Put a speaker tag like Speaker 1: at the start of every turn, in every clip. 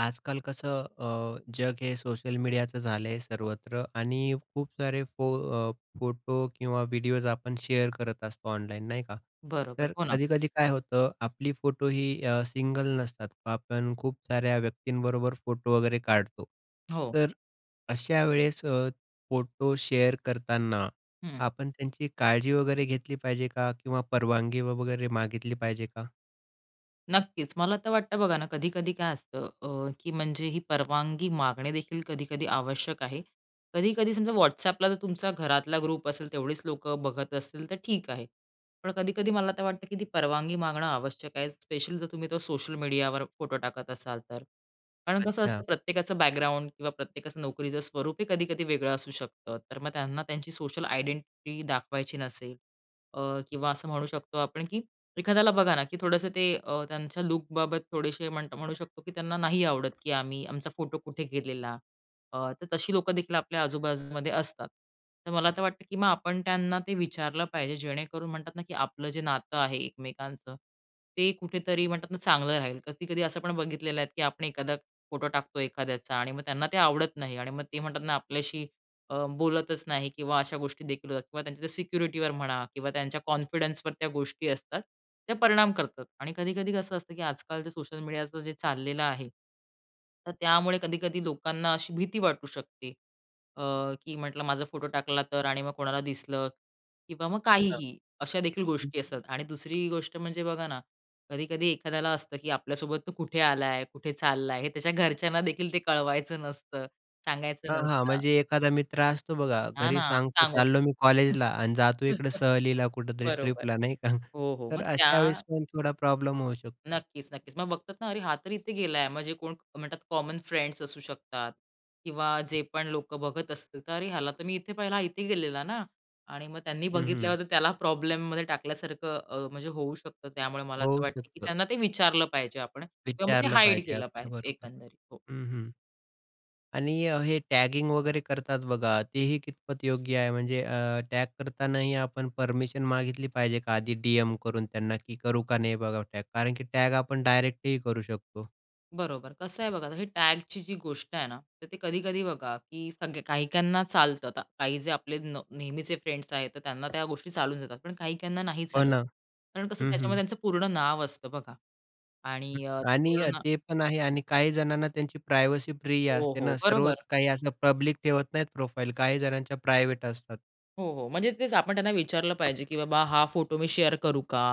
Speaker 1: आजकाल कसं अ, जग हे सोशल मीडियाचं झालं आहे सर्वत्र आणि खूप सारे फो अ, फोटो किंवा व्हिडिओज आपण शेअर करत असतो ऑनलाईन नाही का?
Speaker 2: बरोबर,
Speaker 1: तर
Speaker 2: हो ना.
Speaker 1: कधी-कधी काय होतं, आपली फोटो ही अ, सिंगल नसतात, आपण खूप साऱ्या व्यक्तींबरोबर फोटो वगैरे काढतो.
Speaker 2: हो.
Speaker 1: तर अशा वेळेस अ, फोटो शेअर करताना,
Speaker 2: हं.
Speaker 1: आपण त्यांची काळजी वगैरे घेतली पाहिजे का? किंवा परवानगी व वगैरे मागितली पाहिजे का?
Speaker 2: नक्कीच, मला तर वाटतं बघा ना, कधी-कधी काय असतं अ, की म्हणजे ही परवानगी मागणे देखील कधी-कधी आवश्यक आहे. कधी-कधी समजा WhatsAppला जर तुमचा घरातला ग्रुप असेल, तेवढीच लोकं बघत असतील तर ठीक आहे. पण कधी-कधी मला तर वाटतं, की ती परवानगी मागणं आवश्यक आहे, स्पेशल जर तुम्ही तो सोशल मीडियावर फोटो टाकत असाल तर. कारण कसं
Speaker 1: अच्छा.
Speaker 2: असतं, प्रत्येकाचं बॅकग्राऊंड किंवा प्रत्येकाचं नोकरीचं स्वरूपही कधी-कधी वेगळं असू शकतं. तर मग त्यांना त्यांची सोशल आयडेंटिटी दाखवायची नसेल अ, किंवा असं म्हणू शकतो आपण की एखाद्याला बघा ना की थोडंसं ते अ, ते त्यांच्या लूक बाबत थोडेसे म्हण म्हणू शकतो की त्यांना नाही आवडत, की आम्ही आमचा फोटो कुठे गेलेला. अ, तर तशी लोकं देखील आपल्या आजू-बाजूमध्ये असतात. तर मला तर वाटतं, की मग आपण त्यांना ते विचारलं पाहिजे, जेणेकरून म्हणतात ना, की आपलं जे नातं आहे एकमेकांचं, ते कुठेतरी म्हणतात ना, चांगलं राहील. कधी-कधी असं पण बघितलेलं आहे, की आपण एखादा फोटो टाकतो एखाद्याचा आणि मग त्यांना ते आवडत नाही आणि मग ते म्हणतात ना, आपल्याशी अ, बोलतच नाही किंवा अशा गोष्टी देखील होतात किंवा त्यांच्या सिक्युरिटीवर म्हणा किंवा त्यांच्या कॉन्फिडन्सवर त्या गोष्टी असतात, त्या परिणाम करतात आणि कधी-कधी कसं असतं, की आजकाल जेते सोशल मीडियाचं जे चाललेलं आहे, तर त्यामुळे कधी-कधी लोकांना अशी भीती वाटू शकते, अ, की म्हटलं माझा फोटो टाकला तर आणि मग कोणाला दिसलं? किंवा मग
Speaker 1: बर,
Speaker 2: काहीही. अशा देखील
Speaker 1: हं.
Speaker 2: गोष्टी असतात आणि दुसरी गोष्ट म्हणजे बघा ना, कधी-कधी एखाद्याला असतं, की आपल्यासोबत तो कुठे आलाय? कुठे चालला आहे? हे त्याच्या घरच्यांना देखील ते कळवायचं नसतं, सांगायचं
Speaker 1: हां, हां,
Speaker 2: नसतं.
Speaker 1: म्हणजे एखादा मित्र असतो बघा,
Speaker 2: हां,
Speaker 1: घरी
Speaker 2: ना
Speaker 1: सांगतो,
Speaker 2: सांगू.
Speaker 1: चाललो मी कॉलेजला आणि जातो इकडे सहलीला, कुठेतरी
Speaker 2: बरोबर.
Speaker 1: ट्रिपला नाही का?
Speaker 2: हो, हो,
Speaker 1: तर
Speaker 2: मग
Speaker 1: अशा
Speaker 2: त्या
Speaker 1: वेळेस पण थोडा प्रॉब्लेम होऊ शकतो.
Speaker 2: नक्कीच, नक्कीच. मग बघतात ना, अरे हा तर इथे गेला आहे. म्हणजे कोण म्हणतात, कॉमन फ्रेंड्स असू शकतात किंवा जे पण लोकं बघत असतील तर अरे ह्याला तर मी इथे पहिला, हा इथे गेलेला ना? आणि मग त्यांनी
Speaker 1: हं, हं.
Speaker 2: बघितल्यावर तर त्याला प्रॉब्लेममध्ये टाकल्यासारखं, अ, म्हणजे होऊ शकतं. त्यामुळे मला असं
Speaker 1: होऊ
Speaker 2: वाटते, की
Speaker 1: शकतं.
Speaker 2: त्यांना ते विचारलं पाहिजे आपण किंवा मग ते
Speaker 1: विचारलं
Speaker 2: हाईड
Speaker 1: पाहिजे,
Speaker 2: केलं
Speaker 1: अगदी
Speaker 2: पाहिजे.
Speaker 1: बरोबर.
Speaker 2: एकंदरीत हो.
Speaker 1: हं, हं आणि हे टॅगिंग वगैरे करतात बघा, तेही कितपत योग्य आहे? म्हणजे अं, टॅग करतानाही आपण परमिशन मागितली पाहिजे का? आधी डीएम करून त्यांना, की करू का नाही बघा टॅग? कारण की टॅग आपण डायरेक्ट ही करू शकतो.
Speaker 2: बरोबर. कसं आहे बघा, आता हे टॅगची जी गोष्ट आहे ना, तर ते कधी-कधी बघा, की सगे काहीकाहींना चालतं आता. काही जे आपले न नेहमीचे फ्रेंड्स आहेत, तर त्यांना त्या गोष्टी चालून जातात. पण काहीकाहींना नाही
Speaker 1: हो
Speaker 2: चालत.
Speaker 1: ना.
Speaker 2: कारण कसं,
Speaker 1: हं, हं.
Speaker 2: त्याच्यामध्ये त्यांचं पूर्ण नाव असतं बघा,
Speaker 1: हं.
Speaker 2: आणि अ,
Speaker 1: आणि
Speaker 2: पूर्ण
Speaker 1: अ,
Speaker 2: न
Speaker 1: ते पण आहे. आणि काही जणांना त्यांची प्रायव्हसी प्रिय
Speaker 2: हो,
Speaker 1: असते
Speaker 2: हो.
Speaker 1: ना, सर्वच
Speaker 2: बरोबर.
Speaker 1: काही असं पब्लिक ठेवत नाहीत प्रोफाइल. काही जणांच्या प्रायव्हेट असतात.
Speaker 2: हो, हो. म्हणजे तेच आपण त्यांना विचारलं पाहिजे, की "बाबा हा फोटो मी शेअर करू का?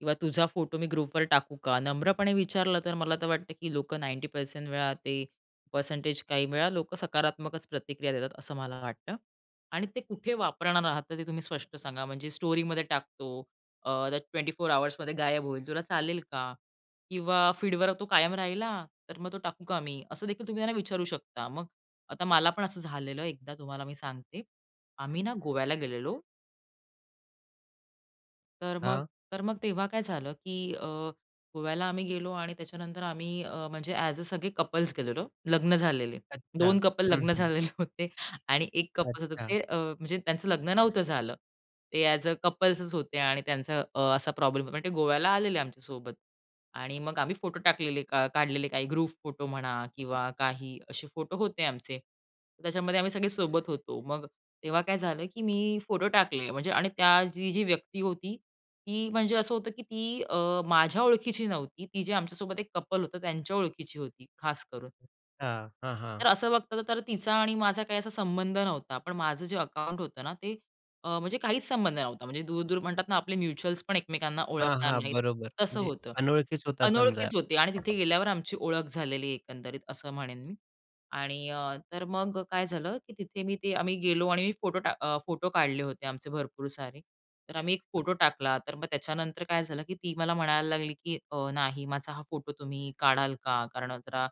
Speaker 2: किंवा तुझा फोटो मी ग्रुपवर टाकू का?" नम्रपणे विचारलं तर मला तर वाटतं, की लोकं 90% वेळा, ते परसेंटेज, काही वेळा लोकं सकारात्मकच प्रतिक्रिया देतात, असं मला वाटतं. आणि ते कुठे वापरणार आहात? ते तुम्ही स्पष्ट सांगा. "म्हणजे स्टोरीमध्ये टाकतो, अ, त्या 24 आवर्समध्ये गायब होईल, तुला चालेल का?" किंवा "फीडवर तो कायम राहिल हा, तर मग तो टाकू का मी?" असं देखील तुम्ही त्यांना विचारू शकता. मग आता मला पण असं झालेलं आहे एकदा, तुम्हाला मी सांगते, आम्ही ना गोव्याला गेलेलो. तर मग
Speaker 1: हां.
Speaker 2: तर मग तेव्हा काय झालं, की अ, गोव्याला आम्ही गेलो. आणि त्याच्यानंतर आम्ही अ, म्हणजे एज अ, सगळे कपल्स गेलेलो. लग्न झालेले
Speaker 1: अच्छा.
Speaker 2: 2 कपल,
Speaker 1: हं,
Speaker 2: लग्न
Speaker 1: हं.
Speaker 2: झालेले होते. आणि एक कपल होतं,
Speaker 1: अच्छा.
Speaker 2: ते अ, म्हणजे त्यांचं लग्न नव्हतं झालं. ते एज अ, कपल्सच होते. आणि त्यांचा अ, असा प्रॉब्लेम पण ते गोव्याला आलेले आमच्यासोबत. आणि मग आम्ही फोटो टाकलेले, का काढलेले, काही ग्रुप फोटो म्हणा किंवा काही असे फोटो होते आमचे. त्याच्यामध्ये आम्ही सगळे सोबत होतो. मग तेव्हा काय झालं, की मी फोटो टाकले म्हणजे. आणि त्याची जी-जी व्यक्ती होती, ती म्हणजे असं होतं, की ती अ, माझ्या ओळखीची नव्हती. ती जे आमच्यासोबत एक कपल होतं, त्यांच्या ओळखीची होती खास करून.
Speaker 1: हां, हां,
Speaker 2: तर
Speaker 1: हां.
Speaker 2: असं बघतात तर तिचा आणि माझा काही असा संबंध नव्हता. पण माझं जे अकाउंट होतं ना, ते अ, म्हणजे काहीच संबंध नव्हता. म्हणजे दूर-दूर म्हणतात ना, आपले म्युच्युअल्स पण एकमेकांना
Speaker 1: हां,
Speaker 2: ओळखणार
Speaker 1: हां.
Speaker 2: नाहीत.
Speaker 1: बरोबर
Speaker 2: तसं
Speaker 1: म्हणजे
Speaker 2: होतं.
Speaker 1: अनोळखीच होता समजा.
Speaker 2: अनोळखीच होते. आणि तिथे गेल्यावर आमची ओळख झालेली आहे, एकंदरीत असं म्हणेन मी. आणि अ, तर मग काय झालं, की तिथे मी ते, आम्ही गेलो आणि मी फोटो टाक अ, फोटो काढले होते आमचे, भरपूर सारे. तर आम्ही एक फोटो टाकला. तर मग त्याच्यानंतर काय झालं, की ती मला म्हणायला लागली, की अ, "नाही माझा हा फोटो तुम्ही काढाल का? कारण जरा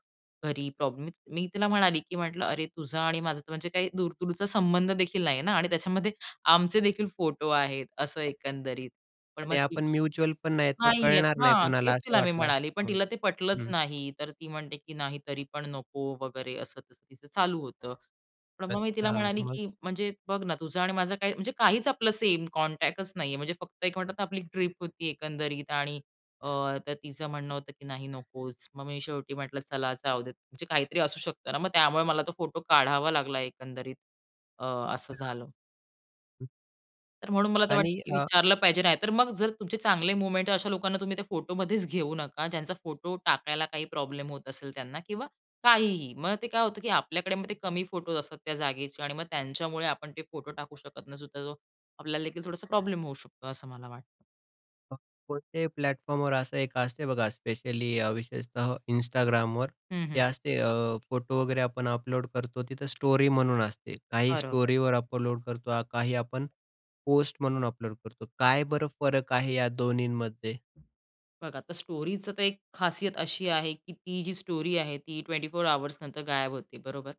Speaker 2: घरी प्रॉब्लेम" मी तिला म्हणाली, की म्हटलं, "अरे, तुझा आणि माझा तर म्हणजे काही दूर-दूरचा संबंध देखील नाही आहे ना. आणि त्याच्यामध्ये आमचे देखील फोटो आहेत, असं एकंदरीत." पण मग
Speaker 1: आणि
Speaker 2: ती
Speaker 1: आपण म्युच्युअल पण नाहीत. मग
Speaker 2: नाहीये,
Speaker 1: कळणार नाही
Speaker 2: हां,
Speaker 1: कोणाला,
Speaker 2: तेच
Speaker 1: असं
Speaker 2: तिला मी
Speaker 1: वाटलं असंल
Speaker 2: म्हणाले, पण
Speaker 1: तुम्हाला?
Speaker 2: तिला ते पटलंच
Speaker 1: हं.
Speaker 2: नाही. तर ती म्हणते, की नाही, तरी पण नको वगैरे. असं तसं तिचं चालू होतं. पण मग मी तिला
Speaker 1: अच्छा.
Speaker 2: म्हणाली,
Speaker 1: मग?
Speaker 2: की म्हणजे बघ ना, तुझं आणि माझं काही म्हणजे काहीच आपलं सेम कॉन्टॅक्टच नाही आहे. म्हणजे फक्त एक म्हणतात, आपली ट्रिप होती, एकंदरीत. आणि अ, तर तिचं म्हणणं होतं, की "नाही, नकोच." मग मी शेवटी म्हटलं, "चला जाऊ देत." म्हणजे काहीतरी असू शकतं ना. मग त्यामुळे मला तो फोटो काढावा लागला. एकंदरीत अ, असं
Speaker 1: अच्छा.
Speaker 2: झालं. तर म्हणून मला तर वाटतं,
Speaker 1: आणि
Speaker 2: की
Speaker 1: अ,
Speaker 2: विचारलं पाहिजे नाही तर मग जर तुमचे चांगले मोमेंट आहे, अशा लोकांना तुम्ही त्या फोटोमध्येच घेऊ नका, ज्यांचा फोटो टाकायला काही प्रॉब्लेम होत असेल त्यांना किंवा काहीही. मग ते काय होतं, की आपल्याकडे मग ते कमी फोटोज असतात त्या जागेचे आणि मग त्यांच्यामुळे आपण ते फोटो टाकू शकत नसू तर तो आपल्याला देखील थोडासा प्रॉब्लेम होऊ शकतो, असं मला वाटतं.
Speaker 1: [unintelligible] कोणत्याही प्लॅटफॉर्मवर असं एक असते बघा, स्पेशली अ, विशेषतः Instagramवर
Speaker 2: हं,
Speaker 1: ते
Speaker 2: हं.
Speaker 1: असते अं, फोटो वगैरे आपण अपलोड करतो, तिथं स्टोरी म्हणून असते काही
Speaker 2: बरोबर.
Speaker 1: स्टोरीवर अपलोड करतो, काही आपण पोस्ट म्हणून अपलोड करतो, काय बरं फरक आहे या 2न्हींमध्ये?
Speaker 2: बघा, तर स्टोरीचा तर एक खासियत अशी आहे, की ती जी स्टोरी आहे ती 24 अवर्स नंतर गायब होते, बरोबर?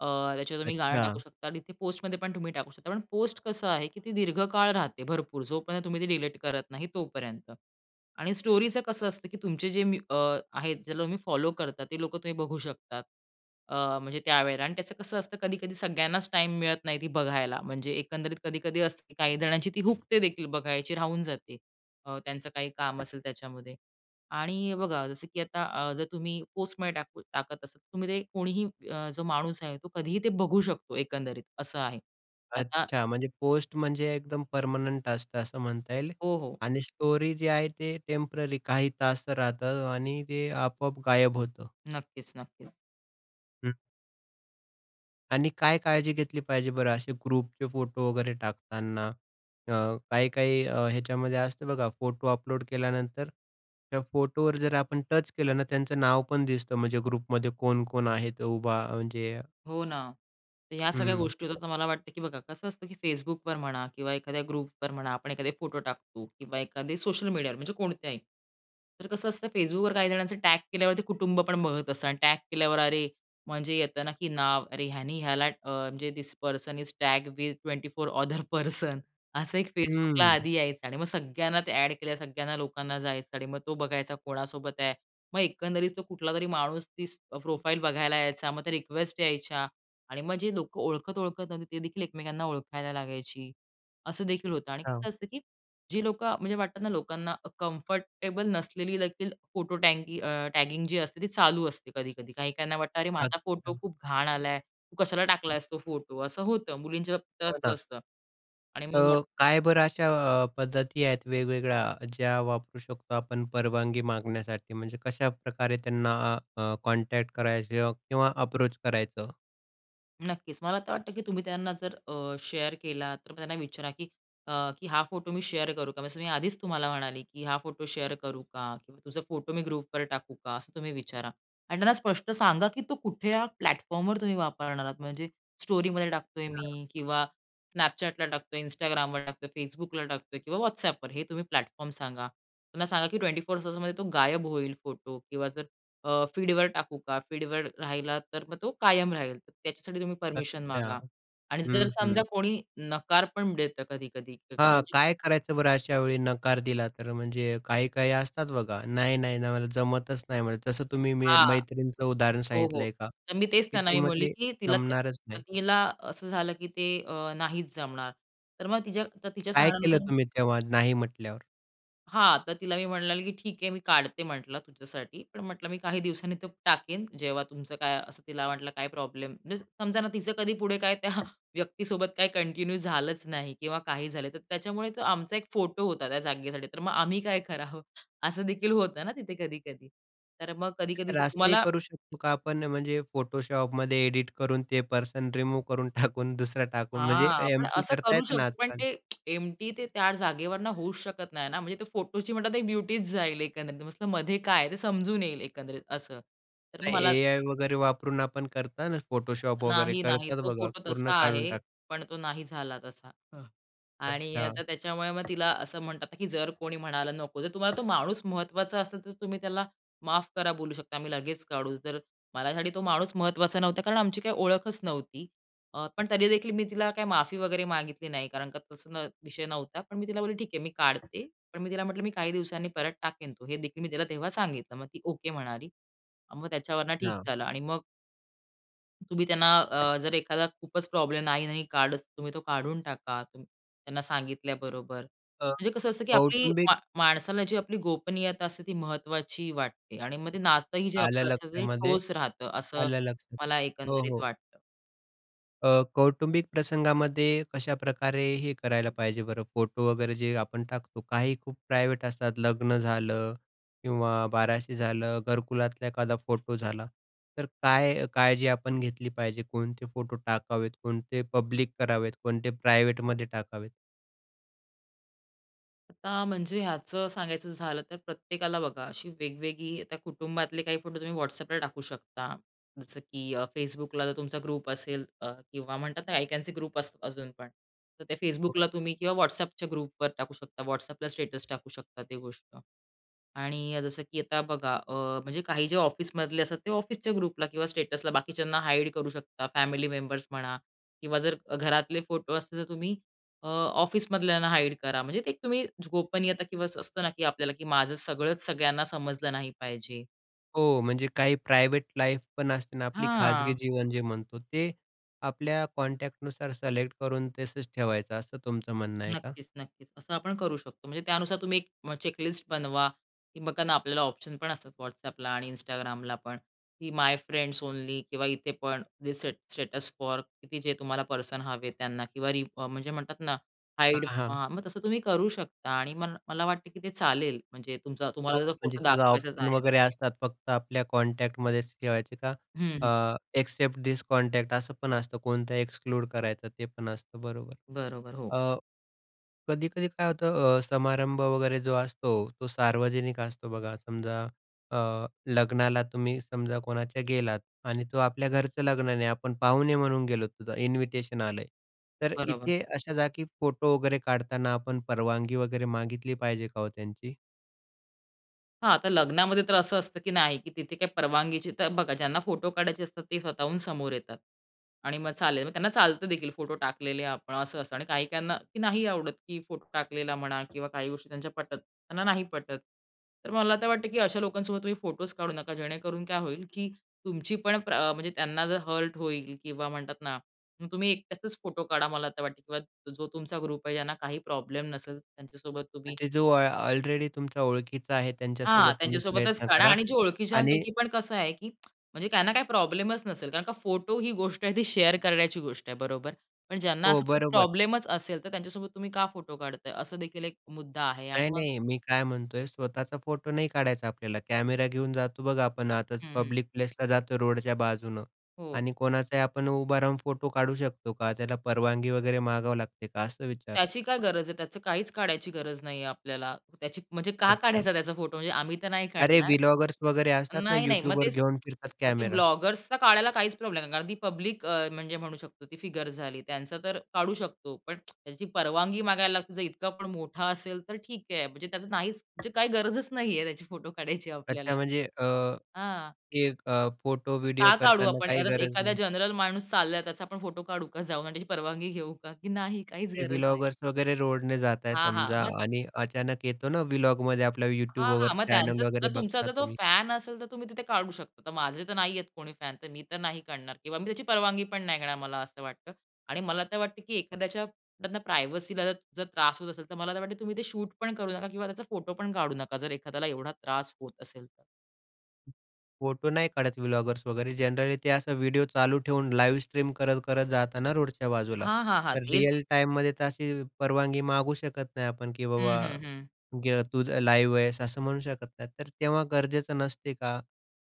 Speaker 2: अं, त्याच्यावर तुम्ही गाणं टाकू
Speaker 1: अच्छा.
Speaker 2: शकता आणि तिथे पोस्टमध्ये पण तुम्ही टाकू शकता पण पोस्ट कसं आहे, की ती दीर्घकाळ राहते, भरपूर जोपर्यंत तुम्ही ती डिलीट करत नाही तोपर्यंत आणि स्टोरीचं कसं असतं, की तुमचे जे मी अं, आहेत ज्याला तुम्ही फॉलो करता ते लोकं तुम्ही बघू शकतात. अं, म्हणजे त्यावेळेला आणि त्याचं कसं असतं कधी-कधी सगळ्यांनाच टाईम मिळत नाही ती बघायला म्हणजे, एकंदरीत कधी-कधी असते, की काही जणांची ती हुकते देखील बघायची राहून जाते, अं, त्यांचं काही काम असेल त्याच्यामध्ये आणि बघा जसं, की आता अं, जर तुम्ही पोस्टमध्ये टाकू टाकत असत. तुम्ही ते कोणीही अं, जो माणूस आहे तो कधीही ते बघू शकतो एकंदरीत असं आहे. आता
Speaker 1: अच्छा, म्हणजे पोस्ट म्हणजे एकदम पर्मनंट असतं, असं म्हणता येईल?
Speaker 2: हो, हो.
Speaker 1: आणि स्टोरी जे आहे ते टेम्पररी काही तास राहत आणि ते आपोआप गायब होतं?
Speaker 2: नक्कीच, नक्कीच.
Speaker 1: हं. आणि काय काळजी घेतली पाहिजे बरं असे ग्रुपचे फोटो वगैरे टाकताना? अ, काही-काही अ, ह्याच्यामध्ये असतं बघा, फोटो अपलोड केल्यानंतर त्या फोटोवर जर आपण टच केलं ना, त्यांचं नाव पण दिसतं म्हणजे ग्रुपमध्ये कोण-कोण आहेत उभा म्हणजे
Speaker 2: हो ना. तर ह्या सगळ्या
Speaker 1: हं.
Speaker 2: गोष्टी होतात तर मला वाटतं, की बघा कसं असतं, की Facebookवर म्हणा किंवा एखाद्या ग्रुपवर म्हणा, आपण एखादे फोटो टाकतो किंवा एखादे सोशल मीडियावर म्हणजे कोणत्याही. तर कसं असतं Facebookवर काही जणांचं टॅग केल्यावर ते कुटुंबपण बघत असतं आणि टॅग केल्यावर, अरे! म्हणजे येतं ना, की नाव, अरे! ह्याने ह्याला अ, म्हणजे, this person is tag with 24 other person असं एक Facebookला
Speaker 1: हम्म.
Speaker 2: आधी यायचं आणि मग सगळ्यांना ते एड केल्या सगळ्यांना लोकांना जायचं आणि मग तो बघायचा कोणासोबत आहे. मग एकंदरीत तो कुठलातरी माणूस तीच प्रोफाईल बघायला यायचा, मग त्या रिक्वेस्ट यायच्या आणि मग जे लोकं ओळखत-ओळखत न्हवती ती देखील एकमेकांना ओळखायला लागायची. असं देखील होतं आणि
Speaker 1: हां.
Speaker 2: कसं असतं, की जी लोकं, म्हणजे वाटतं ना लोकांना कम्फर्टेबल नसलेली देखील फोटो टॅगी अं, टॅगिंग जी असते ती चालू असते कधी-कधी. काही-काहीना वाटतं, "अरे माझा फोटो
Speaker 1: अच्छा.
Speaker 2: खूप घाण आलाय, तू कशाला टाकलायस तो फोटो?" असं होतं. मुलींच्या बाबतीत तर
Speaker 1: हो
Speaker 2: असंच
Speaker 1: ना.
Speaker 2: असतं आणि
Speaker 1: अ,
Speaker 2: मग
Speaker 1: काय बर अशा अ, पद्धती आहेत वेगवेगळ्या ज्या वापरू शकतो आपण परवानगी मागण्यासाठी? म्हणजे कशाप्रकारे त्यांना अ, कॉन्टॅक्ट करायचं किंवा अप्रोच करायचं?
Speaker 2: नक्कीच, मला तर वाटतं, की तुम्ही त्यांना जर अ, शेअर केला तर त्यांना विचारा, की अ, "की हा फोटो मी शेअर करू का?" जसं मी आधीच तुम्हाला म्हणाली, की "हा फोटो शेअर करू का? किंवा तुझे फोटो मी ग्रुपवर टाकू का?" असं तुम्ही विचारा आणि त्यांना स्पष्ट सांगा, की तो कुठल्या प्लॅटफॉर्मवर तुम्ही वापरणार आहात. म्हणजे स्टोरीमध्ये टाकतोय
Speaker 1: हां.
Speaker 2: मी किंवा Snapchatला टाकतोय, Instagramवर टाकतोय, Facebookला टाकतोय किंवा WhatsAppवर, हे तुम्ही प्लॅटफॉर्म सांगा. त्यांना सांगा, की 24 तासामध्ये तो गायब होईल फोटो किंवा जर अ, फीडवर टाकू का? फीडवर राहिला तर मग तो कायम राहील. तर त्याच्यासाठी तुम्ही परमिशन मागा
Speaker 1: अच्छा!
Speaker 2: आणि जर
Speaker 1: हं,
Speaker 2: समजा
Speaker 1: हं.
Speaker 2: कोणी नकार पण देतं, कधी-कधी क
Speaker 1: हां,
Speaker 2: म्हणजे
Speaker 1: काय करायचं बरं अशा वेळी नकार दिला तर? म्हणजे अ, काही-काही असतात बघा, "नाही, नाही, नाही, मला जमतच नाही म्हणे." तसं तुम्ही
Speaker 2: हां.
Speaker 1: मैत्रीणंचं उदाहरण
Speaker 2: हो, हो.
Speaker 1: सांगितलंय का,
Speaker 2: तर मी तेच
Speaker 1: की
Speaker 2: त्यांना
Speaker 1: ती
Speaker 2: मी बोलली,
Speaker 1: म्हटली,
Speaker 2: की तिला
Speaker 1: "जमणारच नाही."
Speaker 2: पत्नीला असं झालं, की ते अ, नाहीच जमणार. तर मग तिच्या आता तिच्या
Speaker 1: काय केलं
Speaker 2: सांगण्यानुसार
Speaker 1: तुम्ही तेव्हा नाही म्हटल्यावर?
Speaker 2: हां, तर तिला मी म्हटलं, "ठीक आहे, मी काढते म्हटलं तुझ्यासाठी पण म्हटलं मी काही दिवसांनी तो टाकीन, जेव्हा तुमचं काय असं तिला वाटलं काय प्रॉब्लेम." मीन्स समजा ना तिचं कधी पुढे काय त्या व्यक्तीसोबत काही कंटिन्यू झालंच नाही किंवा काही झालं तर त्याच्यामुळे तो आमचा एक फोटो होता त्या जागेसाठी. तर मग आम्ही काय करावं? असं देखील होतं ना तिथे कधी-कधी. तर मग कधी-कधी
Speaker 1: तर
Speaker 2: जर
Speaker 1: असंही
Speaker 2: तुम्हाला
Speaker 1: करू शकतो का आपण? म्हणजे, Photoshopमध्ये एडिट करून ते पर्सन रिमूव्ह करून टाकून, दुसरा टाकून, म्हणजे
Speaker 2: हां, पण
Speaker 1: एम पी
Speaker 2: असं
Speaker 1: करता
Speaker 2: करू
Speaker 1: येते ना
Speaker 2: शकतो पण
Speaker 1: आजकाल?
Speaker 2: ते एमटी ते त्या जागेवरनं होऊच शकत नाही ना, म्हणजे ते त्या फोटोची म्हणलं तर एक ब्युटी जाईल एकंदरीत, तर नुस्त मध्ये काय ते समजून येईल एकंदरीत असं, तर मला
Speaker 1: एआय वगैरे वापरून आपण करता ना, Photoshop वगैरे
Speaker 2: नाही, नाही,
Speaker 1: करतात
Speaker 2: तो
Speaker 1: बघा,
Speaker 2: फोटो
Speaker 1: पूर्ण
Speaker 2: तसा आहे.
Speaker 1: काढून टाकतात.
Speaker 2: पण तो नाही झाला तसा. अ, आणि
Speaker 1: अच्छा.
Speaker 2: आता त्याच्यामुळे मग तिला असं म्हणतात, की जर कोणी म्हणालं नको, जर तुम्हाला तो माणूस महत्त्वाचा असेल तर तुम्ही त्याला माफ करा, बोलू शकता. मी लगेच काढू, जर माझ्यासाठी तो माणूस महत्त्वाचा नव्हता कारण आमची काय ओळखच नव्हती. अ, पण तरी देखील मी तिला काही माफी वगैरे मागितली नाही कारण का तसा न विषय नव्हता. पण मी तिला बोलली, ठीक आहे, मी काढते. पण मी तिला म्हटलं, "मी काही दिवसांनी परत टाकेन तो" हे देखील मी तिला तेव्हा सांगितलं. मग ती, "ओके" म्हणाली. मग त्याच्यावरनं ठीक
Speaker 1: हां.
Speaker 2: झालं आणि मग तुम्ही त्यांना अ, जर एखादा खूपच प्रॉब्लेम नाही-नाही काढच, तुम्ही तो काढून टाका, तुम त्यांना सांगितल्याबरोबर.
Speaker 1: अ,
Speaker 2: म्हणजे कसं असतं, की आपली
Speaker 1: कौटुंबिक
Speaker 2: मा माणसाला जी आपली गोपनीयता असते ती महत्त्वाची वाटते आणि मग ते नातंही जे
Speaker 1: आलं
Speaker 2: आपलं असतं ते
Speaker 1: लक्षामध्ये,
Speaker 2: ठोस राहतं. असं
Speaker 1: आलं लक्षामध्ये
Speaker 2: मला
Speaker 1: हो, हो.
Speaker 2: एकंदरीत वाटतं.
Speaker 1: अ, कौटुंबिक प्रसंगामध्ये कशाप्रकारे, हे करायला पाहिजे बरं? फोटो वगैरे जे आपण टाकतो. काही खूप प्रायव्हेट असतात, लग्न झालं किंवा बाराशे झालं, घरकुलातला एखादा फोटो झाला. तर काय, काळजी आपण घेतली पाहिजे, कोणते फोटो टाकावेत, कोणते पब्लिक करावेत, कोणते प्रायवेटमध्ये टाकावेत?
Speaker 2: आता म्हणजे ह्याचं सांगायचं झालं तर प्रत्येकाला बघा अशी वेगवेगळी आता कुटुंबातले काही फोटो तुम्ही WhatsAppला टाकू शकता. जसं, की अ, Facebookला जर तुमचा ग्रुप असेल अ, किंवा म्हणतात ते आय कॅन सी ग्रुप असतात अजूनपण, तर त्या
Speaker 1: [unintelligible]
Speaker 2: Facebookला तुम्ही किंवा व्हॉट्सअपच्या ग्रुपवर टाकू शकता, WhatsAppला स्टेटस टाकू शकता, ते गोष्ट आणि जसं की आता बघा अ, म्हणजे काही जे ऑफिसमधले असतात ते ऑफिसच्या ग्रुपला किंवा स्टेटसला बाकीच्यांना हाईड करू शकता, फॅमिली मेंबर्स म्हणा किंवा जर घरातले फोटो असते तर तुम्ही अ, ऑफिसमधल्यांना हाईड करा. म्हणजे ते तुम्ही गोपनीयता किंवा असं असतं ना की आपल्याला की माझं सगळंच सगळ्यांना समजलं नाही पाहिजे.
Speaker 1: हो, म्हणजे काही प्रायव्हेट लाईफ पण असते ना आपली, खाजगी
Speaker 2: हां.
Speaker 1: जीवन जे म्हणतो ते, आपल्या कॉन्टॅक्टनुसार सिलेक्ट करून तसंच ठेवायचं असं तुमचं म्हणणं आहे का?
Speaker 2: नक्कीच-नक्कीच. असं आपण करू शकतो. म्हणजे त्यानुसार तुम्ही 1 मग चेक-लिस्ट बनवा. की बघा ना, आपल्याला ऑप्शन पण असतात WhatsAppला आणि Instagramला पण, की माय फ्रेंड्स ओनली. किंवा इथे पण ते दि स्टेट स्टेटस फॉर किती, जे तुम्हाला पर्सन हवे त्यांना किंवा रीड फॉर म्हणजे म्हणतात ना, हाईड.
Speaker 1: हां, हां.
Speaker 2: हां, मग तसं तुम्ही करू शकता आणि म मला वाटतं की ते चालेल. म्हणजे तुमचा
Speaker 1: हो,
Speaker 2: तुम्हाला जर
Speaker 1: म्हणजे
Speaker 2: फोटो
Speaker 1: किंवा
Speaker 2: दाखवायचाच
Speaker 1: ऑप्शन
Speaker 2: आहे.
Speaker 1: वगैरे असतात, फक्त आपल्या कॉन्टॅक्टमध्येच ठेवायचे का?
Speaker 2: हं,
Speaker 1: अ,
Speaker 2: हं.
Speaker 1: इक्सेप्ट धिस कॉन्टॅक्ट असं पण असतं, कोणतं एक्सक्लूड करायचं, ते पण असतं, बरोबर.
Speaker 2: बरोबर, हो.
Speaker 1: अ, कधी-कधी काय होतं, अ, समारंभ वगैरे जो असतो, तो सार्वजनिक असतो बघा. समजा अ, लग्नाला तुम्ही समजा कोणाच्या गेलात आणि तो आपल्या घरचं लग्न नाही, आपण पाहुणे म्हणून गेलो. तुझं इन्व्हिटेशन आलं आहे. तर
Speaker 2: बरोबर.
Speaker 1: इथे अशा जागी फोटो वगैरे काढताना आपण परवानगी वगैरे मागितली पाहिजे का हो त्यांची?
Speaker 2: हा तर लग्नामध्ये तर असं असतं की नाही, की तिथे काही परवानगीची तर बघा, ज्यांना फोटो काढायचे असतात ते स्वतःहून समोर येतात आणि मग चालेल, मग त्यांना चालतं देखील फोटो टाकलेले आपण, असं असंत आणि काही त्यांना की नाही आवडत की फोटो टाकलेला म्हणा किंवा काही गोष्टी त्यांच्या पटत त्यांना नाही पटत. तर मला तर वाटतं की अशा लोकांसोबत तुम्ही फोटोच काढू नका, जेणेकरून काय होईल की तुमची पण प्र म्हणजे त्यांना जर हर्ट होईल. किंवा म्हणतात ना, मग तुम्ही एकट्याचंच फोटो काढा, मला तर वाटते. किंवा जो तुमचा ग्रुप आहे, ज्यांना काही प्रॉब्लेम नसेल, त्यांच्यासोबत तुम्ही
Speaker 1: म्हणजे, जो ऑल ऑलरेडी तुमच्या ओळखीचा आहे
Speaker 2: हां,
Speaker 1: त्यांच्यासोबत तुम्ही
Speaker 2: त्यांच्यासोबतच
Speaker 1: प्रयत्न
Speaker 2: काढा
Speaker 1: करा
Speaker 2: आणि जे
Speaker 1: आणि...
Speaker 2: ओळखीच्यापैकी पण कसं आहे, की म्हणजे काय आहे ना, काही प्रॉब्लेमच नसेल. कारण का फोटो ही गोष्ट आहे, ती शेअर करण्याची गोष्ट आहे, बरोबर. पण ज्यांना
Speaker 1: हो,
Speaker 2: असा खूप
Speaker 1: बरोबर.
Speaker 2: प्रॉब्लेमच असेल, तर त्यांच्यासोबत तुम्ही का फोटो काढताय? असा देखील एक मुद्दा आहे. आणि
Speaker 1: नाही
Speaker 2: मग
Speaker 1: नाही, मी काय म्हणतोय, स्वतःचा फोटो नाही काढायचा आपल्याला. कॅमेरा घेऊन जातो बघा आपण, आतच
Speaker 2: हं, हं.
Speaker 1: पब्लिक प्लेसला जातो, रोडच्या बाजूनं
Speaker 2: हो,
Speaker 1: आणि
Speaker 2: हो.
Speaker 1: कोणाचाही आपण उभा राहून फोटो काढू शकतो का? त्याला परवानगी वगैरे मागावी लागते का? असं विचारतो.
Speaker 2: त्याची काय गरज आहे? त्याचं काहीच काढायची गरज नाही आहे आपल्याला. त्याची म्हणजे, का
Speaker 1: अच्छा.
Speaker 2: काढायचा त्याचा फोटो? म्हणजे आम्ही तर नाही
Speaker 1: अरे,
Speaker 2: काढणार
Speaker 1: व्ही-व्लॉगर्स वगैरे असतात ना,
Speaker 2: नाही नाही. मग
Speaker 1: YouTubeवर
Speaker 2: तेच,
Speaker 1: घेऊन फिरतात
Speaker 2: मग ते
Speaker 1: कॅमेरा.
Speaker 2: ब्लॉगर्सचा काढायला काहीच प्रॉब्लेम नाही, कारण ती पब्लिक अ, म्हणजे म्हणू शकतो ती फिगर झाली. त्यांचा तर काढू शकतो. पण त्याची परवानगी मागायला लागते, जर इतका पण मोठा असेल तर ठीक हे. म्हणजे त्याचं नाहीच, म्हणजे काही गरजच नाही आहे त्याचे फोटो काढायची
Speaker 1: अच्छा,
Speaker 2: आपल्याला.
Speaker 1: म्हणजे अ,
Speaker 2: हां.
Speaker 1: की 1 अ, फोटो, व्हिडिओ
Speaker 2: का काढू
Speaker 1: करतांना
Speaker 2: आपण?
Speaker 1: काही
Speaker 2: [unintelligible]
Speaker 1: गरज
Speaker 2: एखादा
Speaker 1: नाही.
Speaker 2: जनरल माणूस चाललाय त्याचा आपण फोटो काढू का? जाऊन आणि त्याची परवानगी घेऊ का? की नाही, काहीच
Speaker 1: ते
Speaker 2: गरज नाही.
Speaker 1: व्ही-व्लॉगर्स वगैरे रोडने जात आहे
Speaker 2: हां, हां,
Speaker 1: समजा
Speaker 2: मग
Speaker 1: आणि अचानक येतो ना, व्ही-व्लॉगवाले आपल्या YouTube
Speaker 2: हां, हां,
Speaker 1: वगैरे,
Speaker 2: मग त्यांचं
Speaker 1: चॅनेल
Speaker 2: जर
Speaker 1: वगैरे,
Speaker 2: तुमचा ज
Speaker 1: बघता
Speaker 2: आता तो
Speaker 1: तुम्ही.
Speaker 2: फॅन असेल तर तुम्ही तिथे काढू शकता. आता माझे तर नाहीये कोणी फॅन, तर मी तर नाही काढणार. किंवा मी त्याची परवानगी पण नाही घेणार, मला असं वाटतं आणि मला तर वाटतं की एखाद्याच्या म्हणतात ना, प्रायव्हसीला जर जर त्रास होत असेल, तर मला तर वाटतं तुम्ही ते शूट पण करू नका किंवा त्याचा फोटो पण काढू नका. जर एखाद्याला एवढा त्रास होत असेल तर.
Speaker 1: फोटो नाही काढत ब्लॉगर्स वगैरे जनरली ते असा व्हिडिओ चालू ठेवून लाईव्ह स्ट्रीम करत-करत जातात ना रोडच्या बाजूला.
Speaker 2: हां, हां, हां.
Speaker 1: तर
Speaker 2: तेच
Speaker 1: रियल टाईममध्ये तर अशी परवानगी मागू शकत नाही आपण की
Speaker 2: हं,
Speaker 1: बाबा
Speaker 2: हं, हं.
Speaker 1: गर तूझं लाईव्ह आहेस. असं म्हणू शकत नाही, तर तेव्हा गरजेचं नसते का?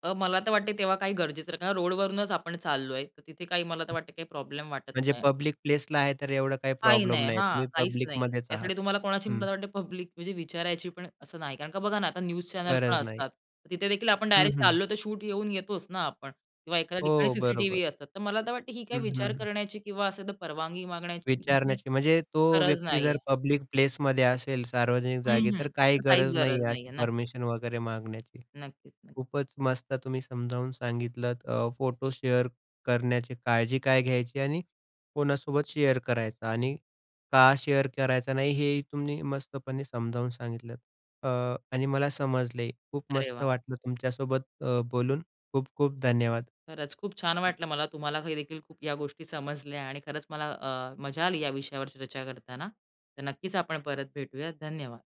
Speaker 2: अ, मला तर वाटते तेव्हा काही गरजेसारखा का रोडवरूनच आपण चाललोय तर तिथे काही मला तर वाटते काही प्रॉब्लेम वाटत
Speaker 1: म्हणजे
Speaker 2: नाही.
Speaker 1: पब्लिक प्लेसला आहे तर एवढं काही
Speaker 2: काही
Speaker 1: प्रॉब्लेम
Speaker 2: नाही.
Speaker 1: नाही,
Speaker 2: हां,
Speaker 1: तुम्ही
Speaker 2: काहीच नाही.
Speaker 1: पब्लिकमध्येच आहात.
Speaker 2: त्यासाठी तुम्हाला कोणाची
Speaker 1: हं.
Speaker 2: मला वाटते पब्लिक म्हणजे विचारायची पण असं नाही. कारण का बघा ना, आता न्यूज चॅनल पण
Speaker 1: गरज नाही.
Speaker 2: असतात तर तिथे देखील आपण
Speaker 1: हं,
Speaker 2: डायरेक्ट
Speaker 1: हं.
Speaker 2: चाललो तर शूट घेऊन येतोच ना आपण किंवा एखाद्या ठिकाणी
Speaker 1: हो, बरोबर.
Speaker 2: सीसीटीव्ही असतात. तर मला तर वाटते ही
Speaker 1: हं,
Speaker 2: काही
Speaker 1: हं,
Speaker 2: विचार
Speaker 1: हं.
Speaker 2: करण्याची किंवा असं तर परवानगी मागण्याची म्ह म्हणजे
Speaker 1: विचारण्याची म्हणजे तो
Speaker 2: गरज
Speaker 1: व्यक्ती
Speaker 2: नाहीये.
Speaker 1: जर पब्लिक प्लेसमध्ये असेल, सार्वजनिक
Speaker 2: हं,
Speaker 1: जागी, तर
Speaker 2: हं.
Speaker 1: काही
Speaker 2: तर काहीच
Speaker 1: गरज नाही
Speaker 2: गरज
Speaker 1: आहे
Speaker 2: नाहीये.
Speaker 1: अशी
Speaker 2: नक्कीच.
Speaker 1: परमिशन वगैरे मागण्याची.
Speaker 2: नक्कीच नक्की.
Speaker 1: खूपच मस्त, तुम्ही समजावून सांगितलंत अ, फोटो शेअर करण्याची काळजी काय घ्यायची? आणि कोणासोबत शेअर करायचं? आणि का शेअर करायचा नाही? हेही तुम्ही मस्तपणे समजावून सांगितलत. अ, आणि मला समजले. खूप
Speaker 2: अरे
Speaker 1: मस्त
Speaker 2: वाह!
Speaker 1: वाटलं तुमच्यासोबत अ, बोलून. खूप-खूप धन्यवाद.
Speaker 2: खरंच, खूप छान वाटलं मला, तुम्हाला ही देखील खूप या गोष्टी समजल्या आणि खरंच मला अ, मजा आली या विषयावर चर्चा करताना. तर नक्कीच आपण परत भेटूयात, धन्यवाद.